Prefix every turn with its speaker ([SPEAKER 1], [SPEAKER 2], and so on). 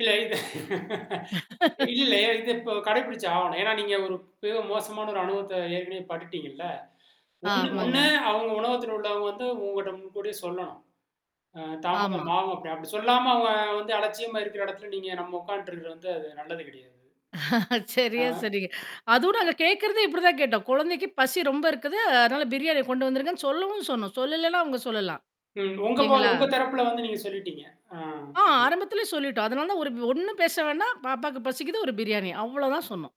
[SPEAKER 1] இல்ல இல்ல, இல்ல. இது இப்போ கடைபிடிச்சாகணும். ஏன்னா, நீங்க ஒரு மிகவும் மோசமான ஒரு அனுபவத்த ஏற்கனவே பட்டுட்டீங்கல்ல. ஒண்ணு ஒண்ணு
[SPEAKER 2] ஆமாங்க.
[SPEAKER 1] அவுங்க உணவகத்தில உள்ளவுங்க வந்து உங்கட்ட முன்கூட்டிய சொல்லணும். ஆ
[SPEAKER 2] ஆமா.
[SPEAKER 1] தாமதம் ஆவும் அப்பிடி, அப்பிடி சொல்லாம அவுங்க வந்து அலட்சியமா இருக்கிற இடத்தில நீங்க நம்ம உட்காண்ட்டு இருக்கிறது வந்து அது நல்லது கிடையாது. ஆ.
[SPEAKER 2] சரியா சொன்னீங்க. அதோட அத கேட்கிறதே இப்பிடி தான் கேட்டோம். குழந்தைக்கு பசி ரொம்ப இருக்குது. அதனால பிரியாணிய கொண்டு வந்துருங்கன்னு சொல்லவும் சொன்னோம். சொல்லலேன்னா அவுங்க சொல்லலாம்.
[SPEAKER 1] ம். உங்க [unintelligible]
[SPEAKER 2] இல்லேங்களா!
[SPEAKER 1] உங்க தரப்பில வந்து நீங்க சொல்லிட்டீங்க. ஆ,
[SPEAKER 2] ஆ,
[SPEAKER 1] சரி.
[SPEAKER 2] ஆரம்பத்திலே சொல்லிட்டோம். அதனால தான் ஒரு வ் ஒண்ணும் பேச வேணாம். பாப்பாவுக்கு பசிக்குது ஒரு பிரியாணி அவ்ளோதான் சொன்னோம்.